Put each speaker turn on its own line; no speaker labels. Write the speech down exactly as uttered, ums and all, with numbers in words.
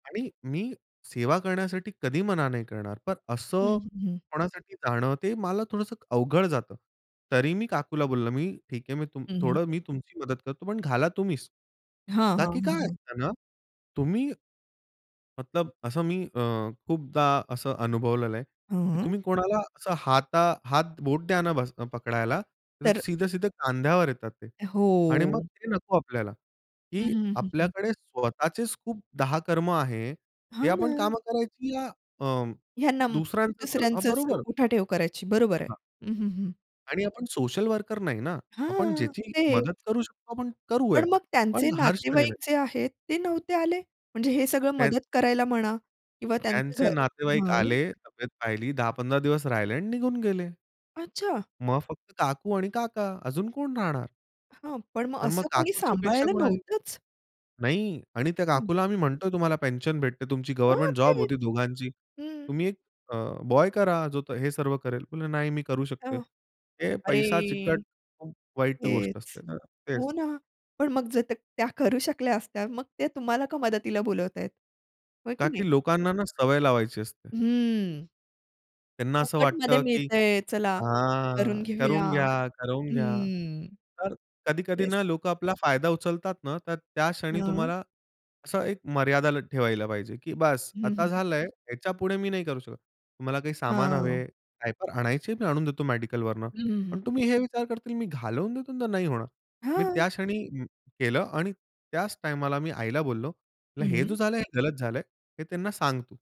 आणि मी सेवा करण्यासाठी कधी मना नाही करणार. पण
हं,
असं
हं, हं.
कोणासाठी जाणं ते मला थोडंसं क अवघड जातं. तरी मी काकूला बोललं मी ठीक आहे मी तुम
हं,
थोडं
हं.
मी तुमची मदत करतो, पण घाला तुम्हीच.
हां,
का
हां,
की
हां,
काय
हां.
असतं ना, तुम्ही ...मतलब असं मी अ, खूपदा असं अनुभवलेलं आहे की
हं.
तुम्ही कोणाला असं हाता हात बोट द्या ना बस पकडायला तर
तर
सीधे-सीधे खांद्यावर येतात ते. आणि मग
हो.
ते नको आपल्याला.
हं,
की
हं, हं, हं.
आपल्याकडे स्वतःचेच खूप दहा कर्म आहे हे
हां
आपण
ना.
काम करायची या अं,
ह्यानं
दुसऱ्यांचं कर हां,
दुसऱ्यांच
बरोबर.
उठाठेव करायची. बरोबर आहे.
हां.
हं, हं, हं.
आणि आपण सोशल वर्कर नाही ना. आपण
हां.
ज्याची मदत
तेच.
करू शकतो आपण करू आहे
पण मग त्यांचे
पण हर क्षणी नाही.
नातेवाईक जे आहेत, ते नव्हते आले? म्हणजे हे सगळं
त्यां
मदत करायला म्हणा? किंवा त्यांचं घर
त्यांचे नातेवाईक
हं.
आले, तब्येत पाहिली, दहा पंधरा दिवस राहिले आणि निघून गेले.
अच्छा.
मग फक्त काकू आणि काका, अजून कोण राहणार?
हां. पण मग
तर मग
असं कोणी
काकूची अपेक्षा
सांभाळायला
कोणाची
नव्हतंच?
नाही आणि त्या
हं.
काकूला आम्ही म्हणतोय तुम्हाला पेन्शन भेटते तुमची
हां.
गव्हर्नमेंट जॉब
तेच.
होती दोघांची.
हं.
"तुम्ही एक अ, बॉय करा, जो तो हे सर्व करेल." म्हणलं "नाही मी करू
अ,
शकते." हे
अरे!
पैसा चिकट खूप वाईट गोष्ट
हेच.
असते ना? तेच.
हो ना. पण मग जर त्या त्या करू शकल्या असत्या, मग त्या तुम्हाला का मदतीला बोलावतायेत? हो की
का की
नाही?
लोकांना ना सवय लावायची असते.
हम्म.
त्यांना असं
फुकटमध्ये
वाटतं की
मिळतंय. चला
हां,
करून घेऊया.
करवून घ्या, करवून घ्या.
हम्म.
तर कधी-कधी
येस.
ना लोक आपला फायदा उचलतात ना, तर त्या क्षणी
हं.
तुम्हाला असं एक मर्यादा ला ठेवायला पाहिजे. की बास
हं, हं,
आता
हं.
झालंय, ह्याच्यापुढे मी नाही करू शकत. तुम्हाला काही सामान
हां.
हवे, काहीतर आणायचे मी आणून देतो मेडिकलवरनं.
हं, हं,
पण
हं.
तुम्ही हे विचार करतील मी घालवून देतो तर नाही होणार. मी
हां.
त्या क्षणी म केलं आणि त्याच टाईमाला मी आईला बोललो, म्हटलं हे जो
हं.
झालंय हे गलत झालंय. हे त्यांना सांग तू.